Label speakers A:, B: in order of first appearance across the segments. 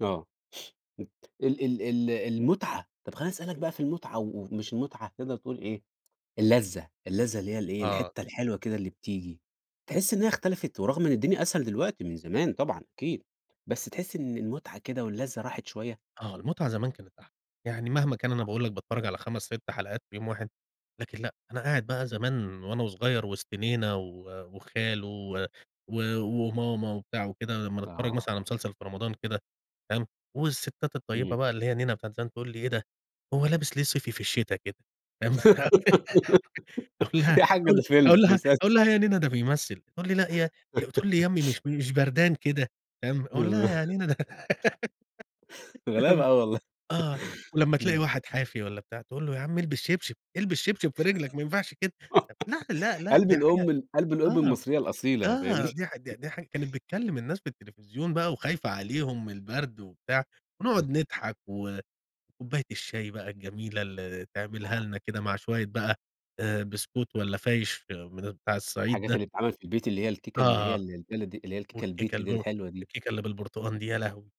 A: آه، مت ال ال ال المُتعة، طب خلّيني اسألك بقى في المُتعة، و ومش المُتعة تقدر تقول إيه اللّذة اللّذة اللي هي الإيه
B: آه.
A: الحتة الحلوة كده اللي بتيجي، تحس إن هي اختلفت ورغم إن الدنيا أسهل دلوقتي من زمان طبعًا أكيد، بس تحس إن المُتعة كده واللّذة راحت شوية؟
B: آه، المُتعة زمان كانت أحلى، يعني مهما كان أنا باقول لك باتفرّج على 5 6 حلقات في يوم واحد لكن لأ، أنا قاعد بقى زمان وأنا وصغيّر وِسط نينا و وخاله و و وماما وبتاع وكده لمّا نتفرّج مثلًا على
A: [unintelligible]
B: مسلسل في رمضان كده فاهم؟ والستات
A: إمم.
B: الطيبة بقى اللي هي نينا بتاعة زمان تقول لي إيه ده هو لابس ليه صيفي في الشتا كده؟ فاهم، أقول لها
A: يا حاجّة
B: أو
A: ده فيلم
B: أقول
A: ده
B: لها
A: مسلس
B: اقول لها يا نينا ده بيمثل، تقول لي: "لأ يا ي بتقولي يامّي مش مش بردان كده" فاهم؟ أقول لها: "يا
A: [unintelligible]
B: نينا ده" فاهم
A: غلابة أوي والله.
B: آه، ولمّا تلاقي
A: إمم.
B: واحد حافي والّا بتاع تقول له يا عم البس شبشب، البس شبشب في رجلك ما ينفعش كده طب لأ، لأ، لأ
A: قلب
B: دي حاجة
A: الأم ال قلب الأم
B: آه،
A: المصرية الأصيلة
B: آه
A: فاهمني؟
B: دي حاج د ده حاجة كانت بتكلم الناس في التلفزيون بقى وخايفة عليهم من البرد وبتاع، ونقعُد
A: هه
B: نضحك و وكوباية الشاي بقى الجميلة اللي تعملها
A: آه.
B: لنا كده مع شوية بقى آآ، بسكوت والّا فايش من أب بتاع الصعيد
A: الحاجات
B: ده.
A: اللي بتتعمل في البيت اللي هي الكيكة اللي هي
B: آه
A: ال البلدي اللي هي الكيكة
B: والكيكة
A: البيتي دي
B: البوب
A: الحلوة دي.
B: الكيكة اللي بالبرتقال دي يا لهوي!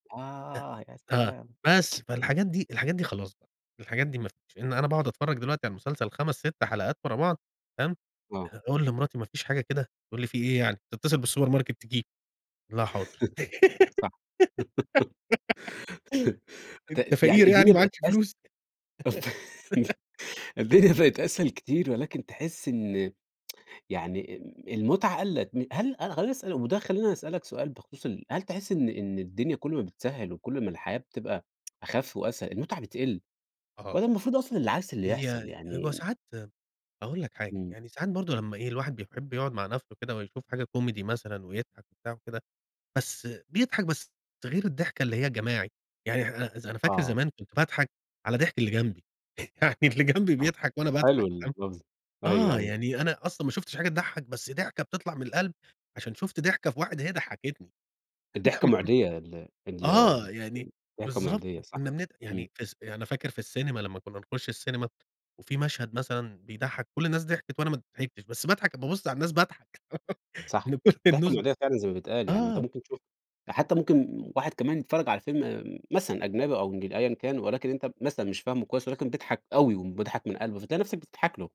B: ت
A: آه، يا
B: ت
A: سلام.
B: بس فالحاجات دي الحاجات دي خلاص بقى، الحاجات دي ما فيش لإن أنا باقعُد اتفرّج دلوقتي على المسلسل 5 6 حلقات ورا بعض فاهم؟
A: آه.
B: أه أقول لمراتي ما فيش حاجة كده تقول لي في إيه يعني ما تتصل بالسوبر ماركت تجيب أقول لها حاضر،
A: صح
B: أنت
A: ت يعني
B: فقير يعني
A: الدنيا بقت
B: معكش
A: أس
B: فلوس؟
A: [unintelligible] الدنيا بقت أسهل كتير ولكن تحس إن يعني أم المُتعة قلّت م هل [unintelligible] وده خلّينا نسألك سؤال بخصوص ال هل تحس إن إن الدنيا كل ما بتسهّل وكل ما الحياة بتبقى أخَف وأسهل المُتعة بتقل،
B: أها.
A: والّا المفروض أصلًا العكس اللي يحصل؟
B: هي
A: يعني
B: هو
A: م
B: ساعات م هاقول لك حاجة
A: إمم.
B: يعني ساعات برضه لمّا إيه الواحد بيحب يقعُد مع نفسه كده ويشوف حاجة كوميدي مثلًا ويضحك بتاع وكده، بس بيضحك بس ده غير الضحكة اللي هي الجماعي، يعني احنا أ أز أنا فاكر
A: آه.
B: زمان كنت باضحك على ضحك اللي جنبي، يعني اللي جنبي
A: صح.
B: بيضحك وأنا
A: حلو
B: باضحك فاهم؟
A: المغزى، أيوه،
B: آه،
A: أيوه.
B: يعني أنا أصلًا ما شُفتش حاجة تضحّك بس ضحكة بتطلع من القلب عشان شُفت ضحكة في واحد هي ضحكتني،
A: الضحكة مُعديّة، ال ال ب ال
B: آه، يعني
A: الضحكة
B: بالضبط
A: مُعديّة صح.
B: وكنّا بنت
A: إمم.
B: يعني فالس يعني أنا فاكر في السينما لمّا كنا نخش السينما، وفي مشهد مثلًا بيضحّك كل الناس ضحكت وأنا ما ضحكنش بس باضحك بابُص على الناس باضحك
A: صح
B: إن كل
A: الضحكة
B: الناس ب
A: مُعديّة فعلًا زي ما بيتقال يعني، أنت
B: آه.
A: ممكن تشوف ده حتى ممكن واحد كمان بيتفرّج على فيلم آمم مثلًا أجنبي أو إنجل أيًا كان ولكن أنت مثلًا مش فاهمه كويس، ولكن بيضحك أوي وم بيضحك من قلبه فتلاقي نفسك بتضحك له.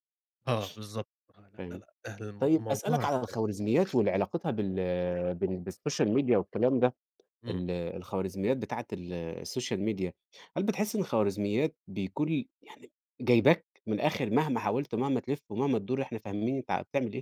B: آه بالضبط آه، لأ، لأ،
A: فاهم؟
B: لأ أهل المو
A: طيب أسألك
B: الموضوع اخ
A: على الخوارزميات واللي علاقتها بال بال بالسوشيال ميديا والكلام ده
B: إمم.
A: ال الخوارزميات بتاعة ال السوشيال ميديا هل بتحس إن الخوارزميات بيكون لي يعني جايباك من الآخر مهما حاولت ومهما تلِف ومهما تدور إحنا فاهمين أنت ع بتعمل إيه؟